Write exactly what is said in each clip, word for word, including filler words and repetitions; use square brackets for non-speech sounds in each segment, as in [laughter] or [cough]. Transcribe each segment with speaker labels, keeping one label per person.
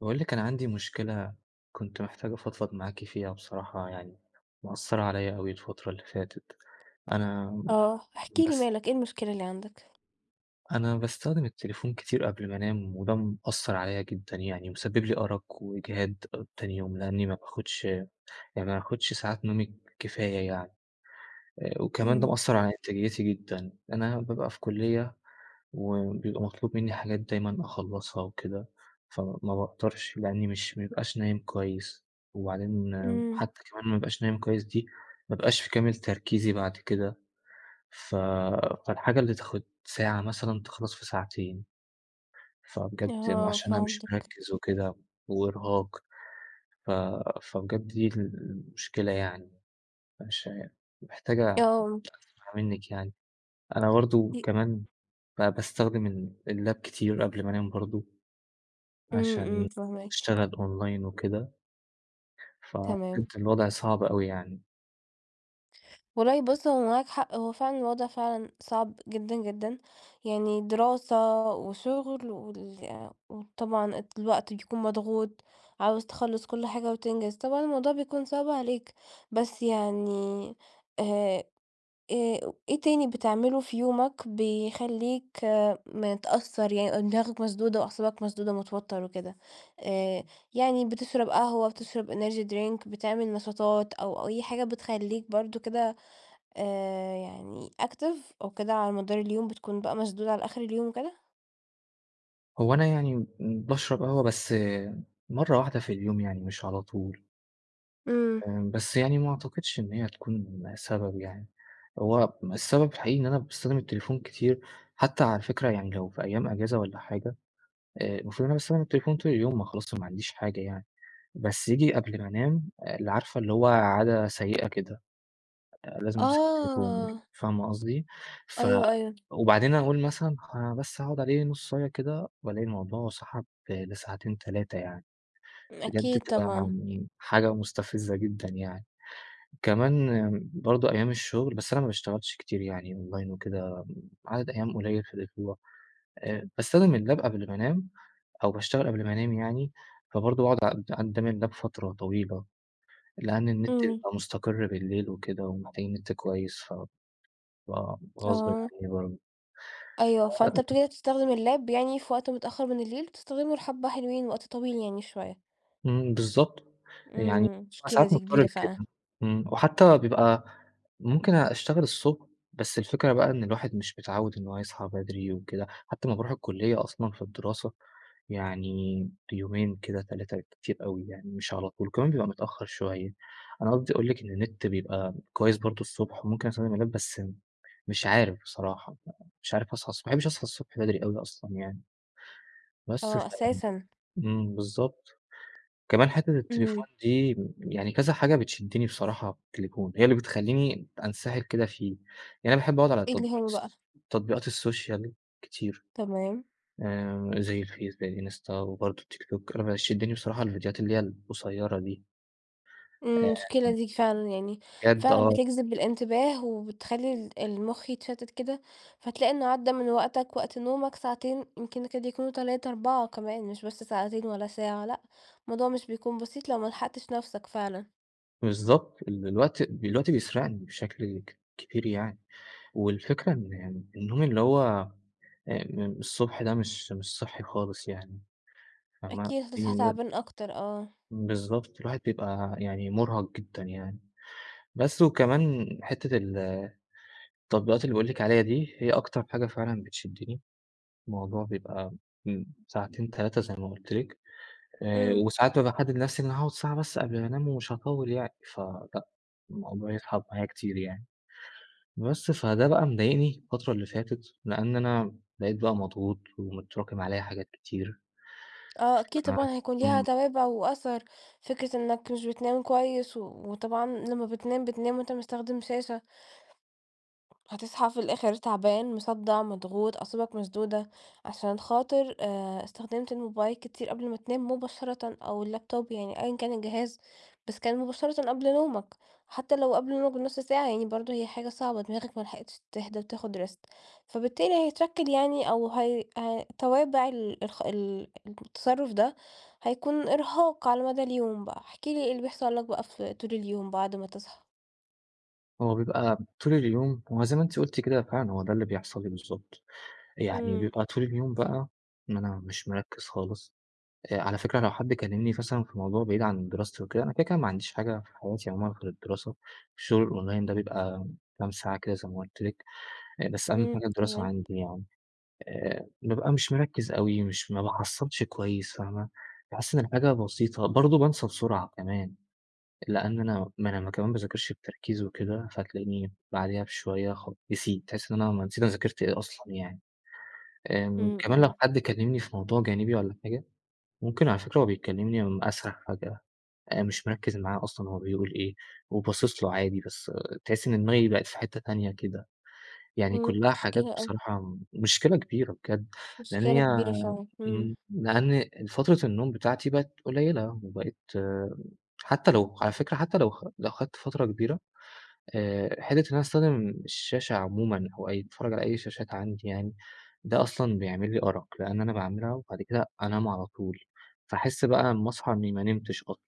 Speaker 1: باقول لِك أنا عندي مشكلة، كنت محتاج أفضفض معاكِ فيها بصراحة يعني، مأثرة عليَّ أوي الفترة اللي فاتت. أنا
Speaker 2: آه إحكِ لي
Speaker 1: باس
Speaker 2: مالك، إيه المشكلة اللي عندك؟
Speaker 1: أنا باستخدم التليفون كتير قبل ما أنام وده مأثر عليَّ جدًا يعني، مسبب لي أرق وإجهاد آآ، تاني يوم، لأني ما باخدش يعني ما باخدش ساعات نومي كفاية يعني، آآ وكمان ده
Speaker 2: امم.
Speaker 1: مأثر على إنتاجيتي جدًا. أنا بابقى في كلية وبيبقى مطلوب منّي حاجات دايمًا أخلصها وكده ف ما باقدرش لأني مش ما بابقاش نايم كويس وبعدين
Speaker 2: إمم.
Speaker 1: حتى كمان ما أبقاش نايم كويس دي، ما أبقاش في كامل تركيزي بعد كده، ف فالحاجة اللي تاخد ساعة مثلًا تخلص في ساعتين. فبجد م
Speaker 2: آه،
Speaker 1: عشان أنا مش
Speaker 2: فهمتك.
Speaker 1: مركز وكده وإرهاق، ف فبجد دي المشكلة يعني، مش عا محتاج أ
Speaker 2: آه.
Speaker 1: [unintelligible] منِك يعني. أنا برضه
Speaker 2: [unintelligible]
Speaker 1: كمان ب باستخدم ال اللاب كتير قبل ما أنام برضه،
Speaker 2: امم، امم،
Speaker 1: عشان
Speaker 2: فاهماك.
Speaker 1: أشتغل أونلاين وكده.
Speaker 2: تمام.
Speaker 1: ففهمتِ، الوضع صعب اوي يعني.
Speaker 2: والله بُص هو معاك حق هو فعلًا الوضع فعلًا صعب جدًا جدًا، يعني دراسة وشغل وال وطبعًا الوقت بيكون مضغوط، عاوز تخلص كل حاجة وتنجز، طبعًا الموضوع بيكون صعب عليك. بس يعني آآ آآ إيه تاني بتعمله في يومك بيخلّيك متأثر يعني دماغك مسدودة وأعصابك مسدودة متوتر وكده، آآ يعني بتشرب قهوة، بتشرب energy drink بتعمل نشاطات أو أي حاجة بتخلّيك برضه كده آآ يعني active أو كده على مدار اليوم بتكون بقى مشدود على آخر اليوم وكده؟
Speaker 1: هو أنا يعني امم باشرب قهوة بس مرّة واحدة في اليوم يعني مش على طول.
Speaker 2: امم.
Speaker 1: فاهم، بس يعني ما أعتقدش إن هي هتكون سبب يعني. هو السبب الحقيقي إن أنا باستخدم التليفون كتير حتى على فكرة يعني لو في أيام أجازة والّا حاجة آآ المفروض إن أنا باستخدم التليفون طول اليوم، ما خلاص ما عنديش حاجة يعني، بس ييجي قبل ما أنام، ال عارفة اللي هو عادة سيئة كده، آآ لازم أمسك التليفون،
Speaker 2: آه.
Speaker 1: فاهمة قصدي؟ ف
Speaker 2: أيوه، أيوه
Speaker 1: وبعدين أقول مثلًا خ أنا بس هاقعد عليه نصاية كده، وألاقي الموضوع سحب لساعتين، تلاتة يعني. بجد
Speaker 2: أكيد
Speaker 1: بتبقى،
Speaker 2: طبعًا [unintelligible]
Speaker 1: آمم، حاجة مستفزة جدًا يعني. كمان برضه أيام الشغل، بس أنا ما باشتغلش كتير يعني أونلاين وكده عدد أيام قليل في الأسبوع. آآ باستخدم اللاب قبل ما أنام أو باشتغل قبل ما أنام يعني فبرضه باقعد [unintelligible] قدام اللاب فترة طويلة، لأن النت
Speaker 2: إمم.
Speaker 1: بيبقى مستقر بالليل وكده ومحتاجين نت كويس فبيبقى غصبٍ
Speaker 2: آه.
Speaker 1: عني برضه
Speaker 2: أيوه، فأنت
Speaker 1: ف [unintelligible]
Speaker 2: بتقدر تستخدم اللاب يعني في وقت متأخر من الليل، بتستخدمه لحبة حلوين وقت طويل يعني شوية.
Speaker 1: إمم، بالضبط يعني
Speaker 2: امم،
Speaker 1: [unintelligible]
Speaker 2: مشكلة
Speaker 1: ساعات
Speaker 2: دي
Speaker 1: مضطر
Speaker 2: كبيرة فعلًا.
Speaker 1: لكده، إمم، وحتى بيبقى ممكن أشتغل الصبح بس الفكرة بقى إن الواحد مش متعود إن هو يصحى بدري وكده، حتى لمّا باروح الكلية أصلًا في الدراسة يعني يومين كده تلاتة بالكتير أوي يعني مش على طول كمان بيبقى متأخر شوية. أنا قصدي أقول لِك إن النت بيبقى كويس برضه الصبح وممكن أستخدم اللاب بس مش عارف بصراحة، مش عارف أصحى الصبح ما باحبش أصحى الصبح بدري أوي أصلًا يعني. بس
Speaker 2: آه،
Speaker 1: ف
Speaker 2: أساسًا!
Speaker 1: إمم، بالضبط. كمان حتة
Speaker 2: إمم.
Speaker 1: التليفون دي يعني كذا حاجة بتشدني بصراحة في التليفون، هي اللي بتخلّيني أنسِحل كده فيه. يعني أنا باحب أقعد على
Speaker 2: [unintelligible]
Speaker 1: تطبيقات
Speaker 2: هو بقى؟
Speaker 1: الس تطبيقات السوشيال كتير،
Speaker 2: تمام.
Speaker 1: آآ زي الFace، زي الInsta، وبرضه الTikTok أنا بيشدني بصراحة الفيديوهات اللي هي القصيرة دي. آآ
Speaker 2: آمم، مشكلة
Speaker 1: [unintelligible]
Speaker 2: دي ك فعلًا يعني،
Speaker 1: بجد
Speaker 2: فعلًا
Speaker 1: آه.
Speaker 2: بتجذب الانتباه وبتخلّي ال المخ يتشتت كده، فتلاقي إنه عدّى من وقتك وقت نومك ساعتين يمكن يكاد يكونوا تلاتة، أربعة كمان، مش بس ساعتين ولا ساعة، لأ، الموضوع مش بيكون بسيط لو ما لحقتش نفسك فعلًا.
Speaker 1: بالضبط، ال الوقت، الوقت بيسرقني بشكل ك كبير يعني، والفكرة إن النوم اللي هو أم الصبح ده مش مش صحي خالص يعني فاهمة؟
Speaker 2: أكيد هتصحى
Speaker 1: [unintelligible]
Speaker 2: تعبان أكتر، آه.
Speaker 1: بالضبط الواحد بيبقى يعني مرهق جدًا يعني، بس وكمان حتة ال التطبيقات اللي باقول لِك عليها دي، هي أكتر حاجة فعلًا بتشدني، الموضوع بيبقى امم، ساعتين، تلاتة زي ما قُلت لِك، آآ
Speaker 2: امم.
Speaker 1: وساعات بابقى محدد لنفسي إن أنا هاقعد ساعة بس قبل ما أنام ومش هاطول يعني، فلأ، الموضوع يسحب معايا كتير يعني. بس فده بقى مضايقني الفترة اللي فاتت، لأن أنا بقيت بقى مضغوط، ومتراكم عليَّ حاجات كتير
Speaker 2: آه،
Speaker 1: ف
Speaker 2: أكيد طبعًا حيكون ليها
Speaker 1: إمم.
Speaker 2: توابع وأثر، فكرة إنك مش بتنام كويس، و وطبعًا لما بتنام، بتنام وأنت مستخدم شاشة. هتصحى في الآخر تعبان، مصدع، مضغوط، أعصابك مشدودة، عشان خاطر آآ استخدمت الموبايل كتير قبل ما تنام مباشرةً، أو اللابتوب يعني أيًا كان الجهاز، بس كان مُباشرةً قبل نومك، حتى لو قبل نومك بنص ساعة، يعني برضه هي حاجة صعبة دماغك ما لحقتش تهدى وتاخد rest فبالتالي هيتشكل يعني أو هي هي توابع ال الخ ال التصرف ده، هيكون إرهاق على مدى اليوم بقى، احكِ لي إيه اللي بيحصل لك بقى في طول اليوم بعد ما تصحى؟
Speaker 1: هو بيبقى طول اليوم هو زي ما أنتِ قُلتِ كده فعلًا هو ده اللي بيحصل لي بالضبط، يعني
Speaker 2: إمم.
Speaker 1: بيبقى طول اليوم بقى، ما أنا مش مرَكَّز خالص، آآ على فكرة لو حد كلمني مثلًا في الموضوع بعيد عن دراستي وكده أنا كده، كده ما عنديش حاجة في حياتي عمومًا غير الدراسة، الشغل الأونلاين ده بيبقى كام ساعة كده زي ما قُلت لِك، آآ، بس أهم
Speaker 2: إمم،
Speaker 1: حاجة الدراسة
Speaker 2: تمام.
Speaker 1: عندي يعني، آآ بابقى مش مرَكَّز أوي، مش ما باحَصلش كويس، فاهمة؟ باحس إن الحاجة بسيطة، برضه بَانْسَى بسرعة كمان، لأن أنا ما أنا كمان مَا بَاذَاكِرْش بتركيز وكده، فتلاقيني بعديها بشوية خ نسيت، تحس إن أنا ما نسيت انا ذاكرت إيه أصلًا يعني، آمم
Speaker 2: إمم،
Speaker 1: كمان لو
Speaker 2: إمم.
Speaker 1: حد كلمني في موضوع جانبي والّا حاجة، ممكن على فكرة وهو بيكلمني اسرح فجأة، آآ مش مركز معاه أصلًا هو بيقول إيه وباصص له عادي، بس تحس إن دماغي بقيت في حتة تانية كده، يعني
Speaker 2: إمم،
Speaker 1: كلها حاجات
Speaker 2: مشكلة أوي.
Speaker 1: بصراحة مشكلة كبيرة بجد، لإن
Speaker 2: مشكلة
Speaker 1: هي
Speaker 2: كبيرة فعلًا،
Speaker 1: إمم،
Speaker 2: إمم.
Speaker 1: لأن ال فترة النوم بتاعتي بقت قليلة، وبقيت حتى لو على فكرة حتى لو خ لو خدت فترة كبيرة، آآ حِتّة إن أنا استخدم الشاشة عمومًا، وأي أتفرج على أي شاشات عندي يعني، ده أصلًا بيعمل لي أَرَق، لأن أنا باعملها وبعد كده أنام على طول، فاحس بقى اما أصحى إني ما نمتش اصل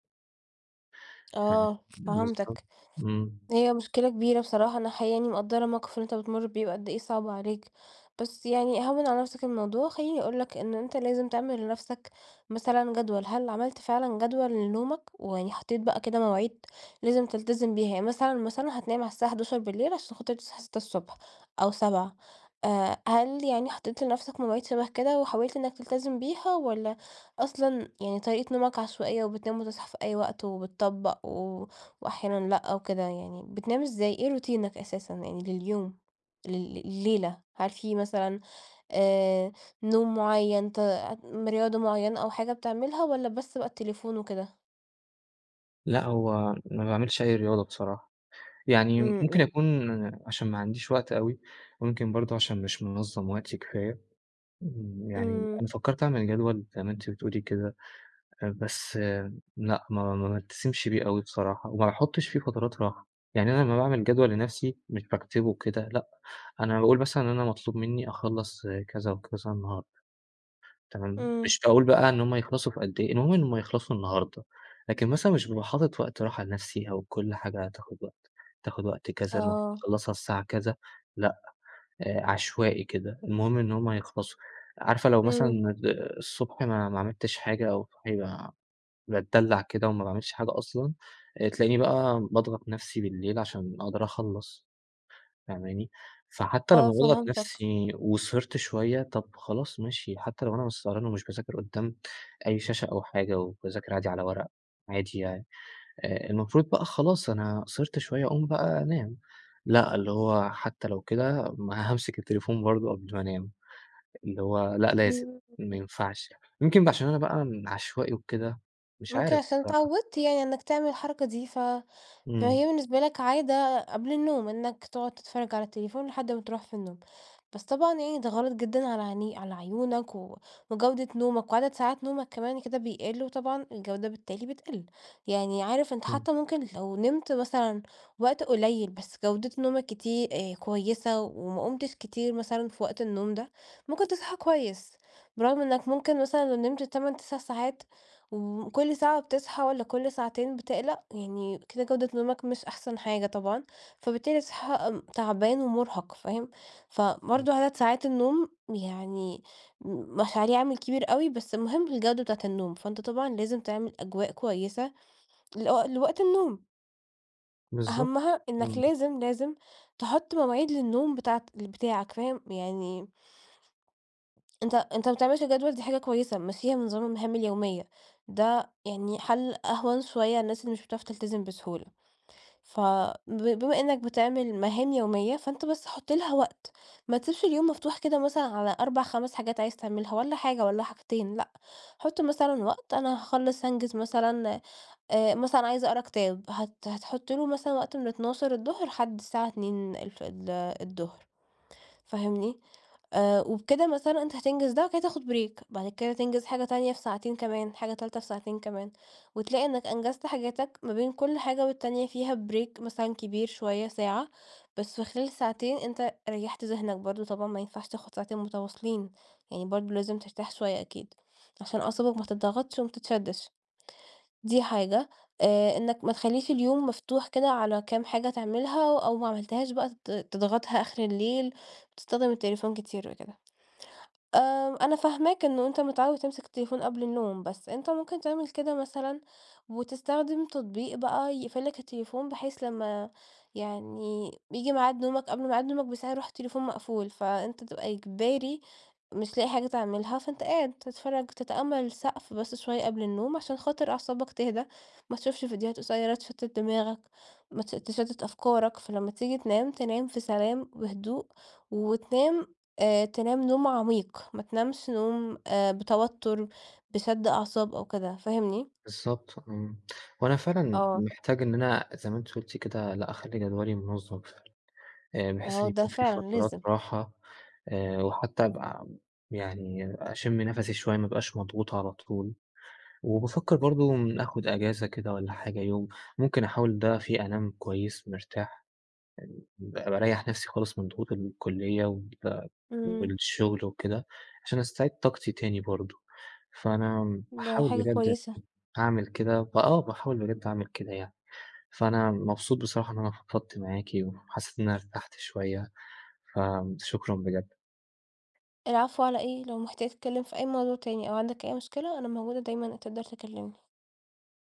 Speaker 1: فاهمِك
Speaker 2: آه،
Speaker 1: بالضبط،
Speaker 2: فهمتَك.
Speaker 1: إمم.
Speaker 2: هي مشكلة كبيرة بصراحة، أنا حقيقي يعني مقدرة الموقف اللى أنتَ بتمر بيه وقد إيه صعب عليك، بس يعني هَوِّن على نفسك الموضوع، خلّيني أقول لَك إن أنت لازم تعمل لنفسك مثلًا جدول، هل عملت فعلًا جدول لنومك؟ ويعني حطيت بقى كده مواعيد لازم تلتزم بيها، يعني مثلًا، مثلًا هتنام على الساعة حداشر بالليل علشان خاطر تصحى ستة الصبح أو سبعة آآ، هل يعني حطيت لنفسك مواعيد شبه كده، وحاولت إنك تلتزم بيها، والّا أصلًا يعني طريقة نومك عشوائية، وبتنام وتصحى في أي وقت وبِتَطَبق و وأحيانًا لأ، وكده يعني، بتنام إزاي، إيه روتينك أساسًا يعني لليوم؟ لل لليلة؟ هل في مثلًا آآ، نوم معيّن ت رياضة معيّنة أو حاجة بتعملها، والّا بس بقى التليفون وكده؟
Speaker 1: لأ هو ما باعملش أي رياضة بصراحة، يعني
Speaker 2: امم،
Speaker 1: ممكن
Speaker 2: امم.
Speaker 1: أكون عشان ما عنديش وقت أوي، وممكن برضه عشان مش منظم وقتي كفاية، يعني أنا
Speaker 2: امم.
Speaker 1: فكرت أعمل جدول زي ما أنتِ بتقولي كده، بس لأ ما ما بالتزمش بيه أوي بصراحة وما باحطش في فترات راحة. يعني أنا لمّا باعمل جدول لنفسي مش باكتبه وكده، لأ، أنا باقول مثلًا إن أنا مطلوب منّي أخلص كذا وكذا النهاردة. تمام،
Speaker 2: امم.
Speaker 1: مش باقول بقى إن هم يخلصوا في قد إيه، المهم إنهم هيخلصوا النهاردة. لكن مثلًا مش بابقى حاطط وقت راحة لنفسي أو كل حاجة هتاخد وقت تاخد وقت كذا المفروض
Speaker 2: آه.
Speaker 1: تخلصها الساعة كذا، لأ، آآ عشوائي كده، المهم إن هم هيخلصوا. عارفة لو مثلًا
Speaker 2: امم.
Speaker 1: آآ الصبح ما ما عملتش حاجة أو صاحي باتدلع كده وما باعملش حاجة أصلًا، آآ تلاقيني بقى باضغط نفسي بالليل عشان أقدر أخلص. فاهماني؟ فحتى
Speaker 2: آه،
Speaker 1: لمّا باضغط
Speaker 2: فهمتك.
Speaker 1: نفسي وسهرت شوية، طب خلاص ماشي حتى لو أنا مش سهران ومش باذاكر قدّام أي شاشة أو حاجة وباذاكر عادي على ورق عادي يعني، آآ المفروض بقى خلاص أنا سهرت شوية أقوم بقى أنام، لأ، اللي هو حتى لو كده ما هامسك التليفون برضه قبل ما أنام، اللي هو لأ لازم،
Speaker 2: امم.
Speaker 1: ما
Speaker 2: [unintelligible]
Speaker 1: ينفعش، يمكن ب عشان أنا بقى عشوائي وكده، مش
Speaker 2: ممكن
Speaker 1: عارف
Speaker 2: عشان
Speaker 1: بصراحة.
Speaker 2: اتعودت يعني إنك تعمل الحركة دي ف
Speaker 1: امم.
Speaker 2: فهي بالنسبة لك عادة قبل النوم إنك تقعد تتفرج على التليفون لحد ما تروح في النوم. بس طبعًا يعني ده غلط جدًا على عيني على عيونك و وجودة نومك، وعدد ساعات نومك كمان كده بيقل وطبعًا الجودة بالتالي بتقل، يعني عارف أنت
Speaker 1: امم.
Speaker 2: حتى ممكن لو نمت مثلًا وقت قليل بس جودة نومك كتي آآ كويسة و وما قُمتش كتير مثلًا في وقت النوم ده، ممكن تصحى كويس، برغم إنك ممكن مثلًا لو نمت تمان، تسع ساعات وكل ساعة بتصحى والّا كل ساعتين بتقلق، يعني كده جودة نومك مش أحسن حاجة طبعًا، فبالتالي هتصحى تعبان ومرهق، فاهم؟
Speaker 1: امم.
Speaker 2: فبرضه عدد ساعات النوم يعني م مش عليه عامل كبير أوي بس المهم الجودة بتاعة النوم، فأنت طبعًا لازم تعمل أجواء كويسة لو لوقت النوم.
Speaker 1: بالضبط،
Speaker 2: أهمّها إنك
Speaker 1: إمم.
Speaker 2: لازم، لازم تحُط مواعيد للنوم بتاعة بتاعك فاهم؟ يعني أنت أنت ما بتعملش جدول دي حاجة كويسة مشيها بنظام المهام اليومية، ده يعني حَلّ أهوَن شوية للناس اللي مش بتعرف تلتزم بسهولة، ف ب بما إنّك بتعمل مهام يومية، فأنت بس حُط لها وقت، ما تسيبش اليوم مفتوح كده مثلًا على أربع، خمس حاجات عايز تعملها، والّا حاجة والّا حاجتين لأ، حُط مثلًا وقت أنا هاخلص هانجز مثلًا آآ مثلًا عايز أقرا كتاب، هت هتحُط له مثلًا وقت من أتناشر الضهر لحد الساعة اتنين الف ال الضهر فاهمني؟ آآ وبكده مثلًا أنت هتنجز ده، وبعد كده تاخد break بعد كده تنجز حاجة تانية في ساعتين كمان، حاجة تالتة في ساعتين كمان، وتلاقي إنَّك أنجزت حاجاتك ما بين كل حاجة والتانية فيها break مثلًا كبير شوية ساعة، بس في خلال ساعتين أنت ريّحت ذهنك برضه، طبعًا ما ينفعش تاخد ساعتين متواصلين، يعني برضه لازم ترتاح شوية أكيد، عشان أعصابك ما تِضغطش وما تتشدِّش. دي حاجة آآ إنَّك ما تخليش اليوم مفتوح كده على كام حاجة تعملها، و أو ما عملتهاش بقى ت تضغطها آخر الليل، تستخدم التليفون كتير وكده. آآ أنا فاهماك إن أنت متعود تمسك التليفون قبل النوم، بس أنت ممكن تعمل كده مثلًا، وتستخدم تطبيق بقى يقفل لك التليفون، بحيث لما يعني بييجي معاد نومك قبل معاد نومك بساعة يروح التليفون مقفول، فأنت تبقى إجباري مش لاقي حاجة تعملها، فأنت قاعد تتفرج تتأمل السقف بس شوية قبل النوم، عشان خاطر أعصابك تهدى، ما تشوفش فيديوهات قصيرة تشتت دماغك، ما تش تشتت أفكارك، فلما تيجي تنام تنام في سلام وهدوء، وتنام، آآ، تنام نوم عميق، ما تنامش نوم، آآ، بتوتر، بشد أعصاب أو كده، فاهمني؟
Speaker 1: بالضبط، إمم وأنا فعلًا
Speaker 2: آه.
Speaker 1: محتاج إن أنا زي ما أنتِ قُلتِ كده لأ، أخلي جدولي منظم، آآ بحيث
Speaker 2: آه،
Speaker 1: إن
Speaker 2: ده
Speaker 1: يكون في
Speaker 2: فعلًا
Speaker 1: فترات
Speaker 2: لازم.
Speaker 1: راحة، آآ وحتى أبقى يعني أشم نفسي شوية ما أبقاش مضغوط على طول، وبافكر برضه آخد أجازة كده والّا حاجة يوم، ممكن أحاول ده فيه أنام كويس مرتاح، يعني ب بارَيَّح نفسي خالص من ضغوط ال الكُلية وبتاع
Speaker 2: إمم.
Speaker 1: والشغل وكده، عشان أستعيد طاقتي تاني برضه، فأنا
Speaker 2: ده
Speaker 1: هاحاول
Speaker 2: حاجة
Speaker 1: بجد أ
Speaker 2: كويسة.
Speaker 1: هاعمل كده، فآه، باحاول بجد أعمل كده يعني. فأنا مبسوط بصراحة إن أنا فضفت معاكِ، وحسيت إن أنا ارتَحت شوية، فشكرًا بجد.
Speaker 2: العفو على إيه، لو محتاج تتكلم في أي موضوع تاني، أو عندك أي مشكلة، أنا موجودة دايمًا تقدر تكلمني.